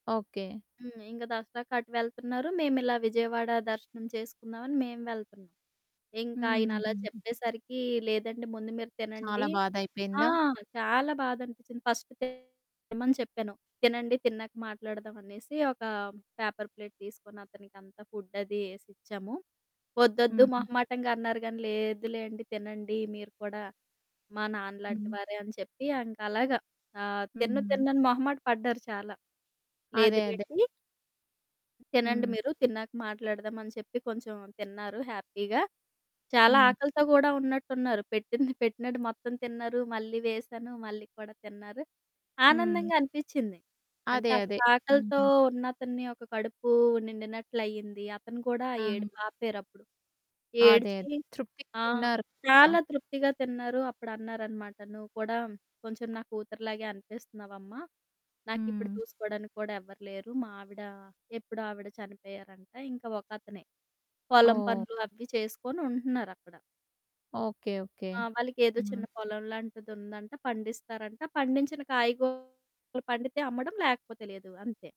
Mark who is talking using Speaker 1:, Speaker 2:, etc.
Speaker 1: Okay.
Speaker 2: హ్మ్. ఇంగ దసరాకటు వెళ్తన్నారు, మేమిలా విజయవాడ దర్శనం చేసుకుందామని మేము వెళ్తున్నాం. ఇంక ఆయనలా
Speaker 1: హుహుహు.
Speaker 2: చెప్పేసరికీ, లేదండి, ముందు మీరు తినండి.
Speaker 1: చాలా
Speaker 2: ఆ!
Speaker 1: బాధైపెయిందా?
Speaker 2: చాలా బాధనిపిచ్చింది. ఫస్ట్ తినమని చెప్పాను. తినండి, తిన్నాక మాట్లాడదామనేసి ఒకా పేపర్ ప్లేట్ తీసుకొనతనికంతా ఫుడ్డది యేసిచ్చాము. "ఒద్దొద్దు"
Speaker 1: హుహు.
Speaker 2: మొహమాటంగా అన్నారు గానీ, లేదులేండి తినండి, మీరు కూడా మా నాన్నలాంటి
Speaker 1: హ్మ్.
Speaker 2: వారే అని చెప్పి ఇంకలాగా, ఆహ్, తినను,
Speaker 1: హ్మ్.
Speaker 2: తిననని మొహమాట పడ్డారు చాలా. లేదు
Speaker 1: అదే, అదే.
Speaker 2: లేండి... తినండి
Speaker 1: హ్మ్.
Speaker 2: మీరు, తిన్నాక మాట్లాడదామని చెప్పి, కొంచుం తిన్నారు హ్యాపీగా. చాలా
Speaker 1: హ్మ్.
Speaker 2: ఆకలితో గూడా ఉన్నట్టున్నారు. పెట్టింది పెట్టినట్టు మొత్తం తిన్నారు, మళ్ళీ వేశాను మళ్ళీ కూడా తిన్నారు,
Speaker 1: హ్మ్.
Speaker 2: ఆనందంగా అనిపిచ్చింది. అంటే,
Speaker 1: అదే, అదే.
Speaker 2: అంతాకలితో
Speaker 1: అవునా!
Speaker 2: ఉన్నతన్ని ఒక కడుపూ నిండినట్లయింది. అతను కూడా
Speaker 1: ఆ!
Speaker 2: ఏడుపాపారప్పుడు.
Speaker 1: అదే
Speaker 2: ఏడ్చి
Speaker 1: తృప్తికి
Speaker 2: ఆ!
Speaker 1: తిన్నారు కదా!
Speaker 2: చాలా తృప్తిగా తిన్నారు. అప్పుడన్నారనమాట, "నువ్వు కూడా కొంచుం నా కూతురులాగే అనిపిస్తన్నావమ్మా, నాకిప్పుడు
Speaker 1: హ్మ్.
Speaker 2: చూసుకోడానికి కూడా ఎవ్వరు లేరు, మా ఆవిడా ఎప్పుడో ఆవిడ చనిపోయారంట" ఇంక ఒకతనే. పొలం
Speaker 1: ఓహ్!
Speaker 2: పనులు అవి చేసుకొని ఉంటన్నారక్కడ.
Speaker 1: ఓకే. ఓకే.
Speaker 2: ఆ! వాళ్ళకెదో చిన్న
Speaker 1: హ్మ్.
Speaker 2: పొలంలాంటిదుందంట, పండిస్తారంట. పండించిన కాయగూరలు పండితే అమ్మడం, లేకపోతే లేదు. అంతే.